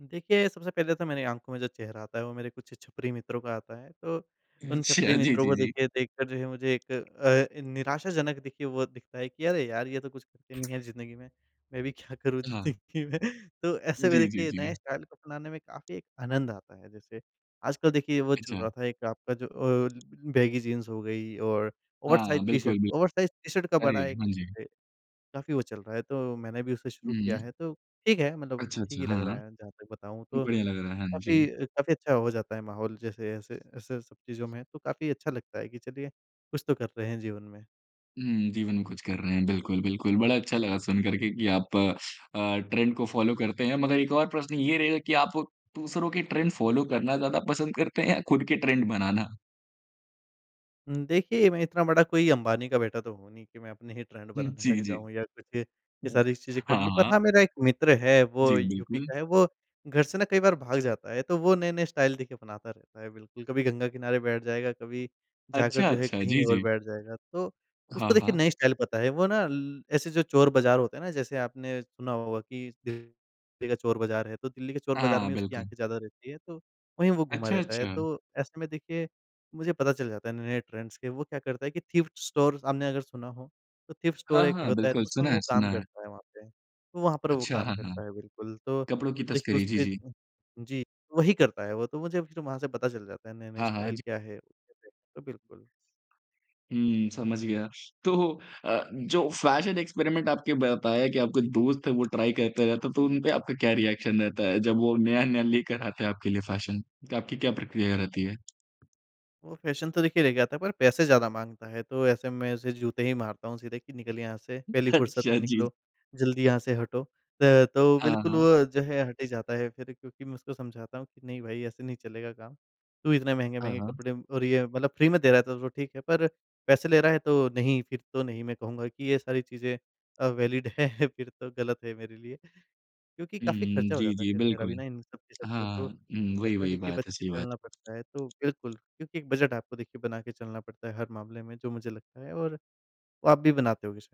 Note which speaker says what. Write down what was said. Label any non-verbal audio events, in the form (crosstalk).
Speaker 1: देखिए, सबसे पहले तो मेरी आँखों में जो चेहरा आता है वो मेरे कुछ छपरी मित्रों का आता है, तो उन छपरी
Speaker 2: अच्छा, जी,
Speaker 1: मित्रों
Speaker 2: जी,
Speaker 1: को
Speaker 2: जी।
Speaker 1: देखिए, देखकर जो है मुझे एक अ, निराशाजनक देखिए वो दिखता है कि, अरे यार ये तो कुछ नहीं है ज़िन्दगी में। मैं भी क्या करूँ
Speaker 2: हाँ।
Speaker 1: ज़िंदगी में? तो ऐसे भी
Speaker 2: जी, जी,
Speaker 1: देखिए नए
Speaker 2: जी।
Speaker 1: स्टाइल को अपनाने में काफ़ी एक आनंद आता है। जैसे आजकल देखिए वो चल
Speaker 2: अच्छा।
Speaker 1: रहा था एक आपका जो ओ बैगी जीन्स हो गई और ओवरसाइज़
Speaker 2: हाँ,
Speaker 1: टी-शर्ट
Speaker 2: बिल्कुल बिल
Speaker 1: ओवरसाइज़ टी-शर्ट का
Speaker 2: अरे,
Speaker 1: बड़ा एक
Speaker 2: हाँ
Speaker 1: जो
Speaker 2: जी।
Speaker 1: है, काफ़ी वो चल रहा है तो मैंने भी उसे शुरू किया है,
Speaker 2: हुँ।
Speaker 1: तो ठीक है, मतलब
Speaker 2: अच्छा,
Speaker 1: ठीक
Speaker 2: अच्छा,
Speaker 1: ही
Speaker 2: हाँ,
Speaker 1: लग
Speaker 2: हाँ।
Speaker 1: रहा है। जहाँ तक बताऊँ तो
Speaker 2: बढ़िया लग रहा है। हाँ जी।
Speaker 1: काफ़ी अ, काफ़ी अच्छा हो जाता है माहौल जैसे ऐसे, ऐसे सब चीज़ों में तो काफ़ी अच्छा लगता है, कि चलिए कुछ तो कर रहे हैं जीवन में।
Speaker 2: हुँ, जीवन में कुछ कर रहे हैं बिल्कुल, बिल्कुल बड़ा अच्छा लगा सुनकर के कि आप अ, ट्रेंड को फॉलो करते हैं। मगर एक और प्रश्न ये रहेगा कि आप दूसरों के ट्रेंड फॉलो करना ज़्यादा पसंद करते हैं या खुद के ट्रेंड बनाना?
Speaker 1: हुँ, देखिए मैं इतना बड़ा कोई अंबानी का बेटा तो हूँ नहीं कि मैं अपने ही ट्रेंड
Speaker 2: हुँ,
Speaker 1: बनाने लग
Speaker 2: जी, जी।
Speaker 1: जाऊँ या कुछ ये
Speaker 2: हुँ,
Speaker 1: सारी चीज़ें कर
Speaker 2: हाँ,
Speaker 1: लूँ। पर
Speaker 2: हाँ।
Speaker 1: हाँ, मेरा एक मित्र है वो
Speaker 2: जी,
Speaker 1: यूपी
Speaker 2: बिल्कुल।
Speaker 1: का है वो घर से ना कई बार भाग जाता है, तो वो नए-नए स्टाइल देखिए बनाता रहता है बिल्कुल, कभी गंगा किनारे बैठ जाएगा, कभी जाकर
Speaker 2: अच्छा,
Speaker 1: जो है
Speaker 2: अच्छा,
Speaker 1: कहीं
Speaker 2: जी,
Speaker 1: और
Speaker 2: जी।
Speaker 1: बैठ जाएगा। तो
Speaker 2: हाँ,
Speaker 1: उसको देखिए
Speaker 2: हाँ।
Speaker 1: नई स्टाइल पता है। वो ना ल ऐसे जो चोर बाज़ार होते हैं ना जैसे आपने सुना होगा कि (unintelligible) का चोर बाज़ार है। तो दिल्ली के चोर बाजार
Speaker 2: हाँ,
Speaker 1: में उसकी आँखें
Speaker 2: बिल्कुल।
Speaker 1: ज़्यादा रहती है तो वहीं वो घुमा
Speaker 2: अच्छा,
Speaker 1: रहता है।
Speaker 2: अच्छा।
Speaker 1: तो ऐसे में देखिए मुझे पता चल जाता है नए-नए ट्रेंड्स के, वो क्या करता है कि थ्रिफ्ट स्टोर आपने अगर सुना हो, तो थ्रिफ्ट स्टोर
Speaker 2: हाँ,
Speaker 1: एक
Speaker 2: हाँ,
Speaker 1: होता है
Speaker 2: बिल्कुल
Speaker 1: तो उसमें
Speaker 2: सुना
Speaker 1: वो
Speaker 2: है
Speaker 1: काम
Speaker 2: सुना है।
Speaker 1: करता है वहाँ पे, तो वहाँ पर वो
Speaker 2: अच्छा,
Speaker 1: काम
Speaker 2: हाँ, हाँ।
Speaker 1: करता है, बिल्कुल। तो
Speaker 2: कपड़ों की
Speaker 1: देखिए
Speaker 2: तस्करी, जी,
Speaker 1: उसके
Speaker 2: जी।
Speaker 1: जी, वही करता है वो तो मुझे वहाँ से पता चल जाता है, नए-नए
Speaker 2: हाँ, हाँ,
Speaker 1: स्टाइल
Speaker 2: जी।
Speaker 1: क्या है? तो बिल्कुल।
Speaker 2: हुँ, समझ गया। तो अ, जो फैशन एक्सपेरिमेंट आपके बताया कि आपके दोस्त हैं, वो ट्राई करता रहता है, तो उन पर आपका क्या रिएक्शन रहता है जब वो नया-नया लेकर आते हैं आपके लिए फैशन? तो आपकी क्या प्रक्रिया रहती है?
Speaker 1: वो फैशन तो देखिए ले के आता है पर पैसे ज़्यादा माँगता है, तो ऐसे में उसे जूते ही मारता हूँ सीधे कि निकल यहाँ से पहली फुर्सत
Speaker 2: अच्छा
Speaker 1: में
Speaker 2: जी।
Speaker 1: निकलो, जल्दी यहाँ से हटो। त तो
Speaker 2: हाँ,
Speaker 1: बिल्कुल
Speaker 2: हाँ।
Speaker 1: वो जो है हट ही जाता है फिर क्योंकि मैं उसको समझाता हूँ कि, नहीं भाई ऐसे नहीं चलेगा काम। तू इतने
Speaker 2: हाँ,
Speaker 1: महँगे-महँगे
Speaker 2: हाँ।
Speaker 1: कपड़े और ये मतलब फ्री में दे रहा है तो तो ठीक है, पर पैसे ले रहा है तो नहीं, फिर तो नहीं मैं कहूँगा कि ये सारी चीज़ें अ, वैलिड हैं फिर तो गलत है मेरे लिए। क्योंकि
Speaker 2: हुँ,
Speaker 1: काफ़ी खर्चा हो
Speaker 2: जी,
Speaker 1: जाता है
Speaker 2: जी
Speaker 1: फिर मेरा
Speaker 2: बिल्कुल।
Speaker 1: भी ना इन सब के चलते
Speaker 2: हाँ,
Speaker 1: तो।
Speaker 2: उम, वही, वही
Speaker 1: देखिए बच
Speaker 2: बात है,
Speaker 1: के
Speaker 2: सही
Speaker 1: चलना
Speaker 2: बात।
Speaker 1: पड़ता है, तो बिल्कुल क्योंकि एक बजट आपको देखिए बना के चलना पड़ता है हर मामले में जो मुझे लगता है और वो आप भी बनाते होंगे शायद।